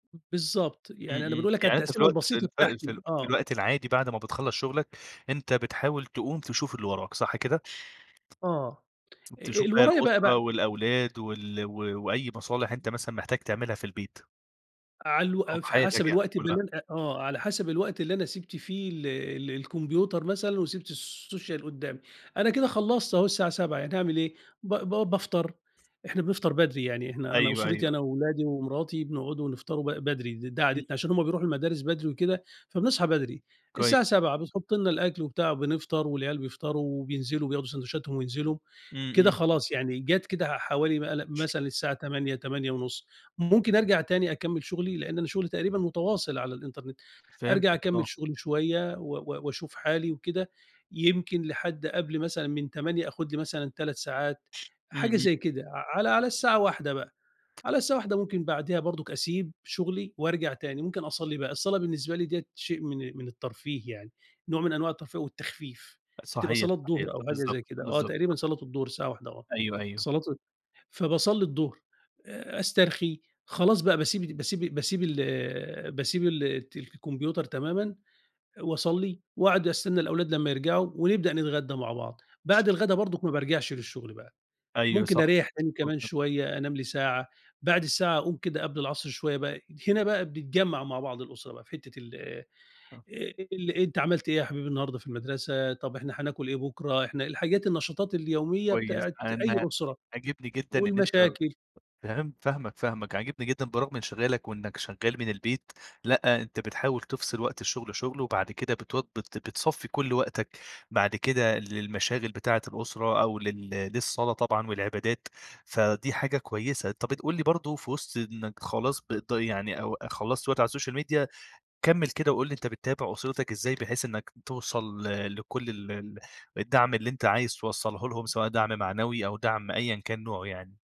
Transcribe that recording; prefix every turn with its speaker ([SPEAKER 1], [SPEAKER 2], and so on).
[SPEAKER 1] بالضبط.
[SPEAKER 2] إمم،
[SPEAKER 1] يعني أنا
[SPEAKER 2] إمم.
[SPEAKER 1] بنقول لك على
[SPEAKER 2] يعني أنت في
[SPEAKER 1] التقسيمة
[SPEAKER 2] الوقت ال
[SPEAKER 1] البسيطة
[SPEAKER 2] في ال
[SPEAKER 1] بتاعتي.
[SPEAKER 2] في
[SPEAKER 1] آه.
[SPEAKER 2] الوقت العادي بعد ما بتخلَّص شغلك أنت بتحاول تقوم تشوف اللي وراك، صح كده؟
[SPEAKER 1] آه. أ
[SPEAKER 2] تشوف
[SPEAKER 1] اللي
[SPEAKER 2] باقي
[SPEAKER 1] ورايا بقى ب
[SPEAKER 2] الأسرة والأولاد وال و وأي مصالح أنت مثلًا محتاج تعملها في البيت.
[SPEAKER 1] على الو
[SPEAKER 2] أو في
[SPEAKER 1] ف
[SPEAKER 2] حياتك
[SPEAKER 1] حسب
[SPEAKER 2] يعني
[SPEAKER 1] الوقت
[SPEAKER 2] كُلّها.
[SPEAKER 1] بالليل آه. على حسب الوقت اللي أنا سِبت فيه ال ال الكمبيوتر مثلًا وسِبت السوشيال قدّامي. أنا كده خلّصت أهو الساعة 07:00 يعني أعمل إيه؟ ب ب بافطر، إحنا بنفطر بدري. يعني إحنا أنا
[SPEAKER 2] أيوه،
[SPEAKER 1] أسرتي
[SPEAKER 2] أيوه.
[SPEAKER 1] أنا وولادي ومراتي بنقعدوا ونفطروا ب بدري ده ده
[SPEAKER 2] إمم،
[SPEAKER 1] عادتنا عشان
[SPEAKER 2] إمم.
[SPEAKER 1] هم بيروحوا المدارس بدري وكده فبنصحى بدري.
[SPEAKER 2] كويس.
[SPEAKER 1] الساعة 07:00 بتحُط لنا الأكل وبتاع بنفطر والعيال بيفطروا وبينزلوا وبياخدوا ساندويتشاتهم وينزلوا،
[SPEAKER 2] إمم،
[SPEAKER 1] كده
[SPEAKER 2] إمم.
[SPEAKER 1] خلاص يعني جات كده ع حوالي م لأ مثلًا الساعة 08:00 08:30 ممكن أرجع تاني أكمِّل شغلي لإن أنا شغلي تقريبًا متواصل على الإنترنت. أرجع
[SPEAKER 2] فهمتك آه.
[SPEAKER 1] أكمِّل شغلي شوية و و واشوف حالي وكده يمكن لحد قبل مثلًا من 08:00 آخُد لي مثلًا 3 ساعات
[SPEAKER 2] إمم،
[SPEAKER 1] حاجة
[SPEAKER 2] إمم.
[SPEAKER 1] زي كده، على على الساعة 13:00 بقى. على الساعة 13:00 ممكن بعديها برضك أسيب شغلي وارجع تاني، ممكن أصلِّي بقى. الصلاة بالنسبة لي ديّة شيء من من الترفيه يعني، نوع من أنواع الترفيه والتخفيف. بتبقى
[SPEAKER 2] صحيح،
[SPEAKER 1] صلاة
[SPEAKER 2] صحيح.
[SPEAKER 1] ضُهر أو حاجة
[SPEAKER 2] بالضبط،
[SPEAKER 1] زي كده آه،
[SPEAKER 2] بالضبط.
[SPEAKER 1] تقريبًا صلاة الضُهر الساعة 13:00 آه،
[SPEAKER 2] أيوه، أيوه.
[SPEAKER 1] صلاة فباصلِّي الضُهر أ أسترخي خلاص بقى باسيب باسيب باسيب ال باسيب الت الكمبيوتر تمامًا واصلِّي واقعد أستنى الأولاد لمّا يرجعوا ونبدأ نتغدى مع بعض. بعد الغدا برضك ما بارجعش للشغل بقى،
[SPEAKER 2] أيوه
[SPEAKER 1] ممكن
[SPEAKER 2] صح.
[SPEAKER 1] أريَح تاني كمان
[SPEAKER 2] [unintelligible]
[SPEAKER 1] شوية، أنام لي ساعة، بعد الساعة أقوم كده قبل العصر شوية بقى هنا بقى بيتجمّع مع بعض الأسرة بقى في حتّة ال
[SPEAKER 2] آه.
[SPEAKER 1] ال أنت عملت إيه يا حبيبي النهارده في المدرسة، طب إحنا هناكل إيه بُكرة؟ إحنا الحاجات النشاطات اليومية
[SPEAKER 2] كويس.
[SPEAKER 1] بتاعة أي
[SPEAKER 2] أنا
[SPEAKER 1] أسرة
[SPEAKER 2] عاجبني جدًا إن أنت
[SPEAKER 1] والمشاكل.
[SPEAKER 2] فهمت فاهمك، فاهمك. عاجبني جدًا برغم انشغالك وإنّك شغّال من البيت لأ، أنت بتحاول تفصِل وقت الشغل شُغل وبعد كده بتو بت بتصفِّي كل وقتك بعد كده للمشاغل بتاعة الأسرة أو لل للصلاة طبعًا والعبادات، فدي حاجة كويسة. أنت بتقول لي برضه في وِسط إنّك خلاص بت يعني أو خلَّصت وقت على السوشيال ميديا كمِّل كده وقل لي أنت بتتابع أسرتك إزاي بحيث إنّك توصل ل لكل ال ال الدعم اللي أنت عايز توصّله لهم سواء دعم معنوي أو دعم أيًا كان نوعه يعني؟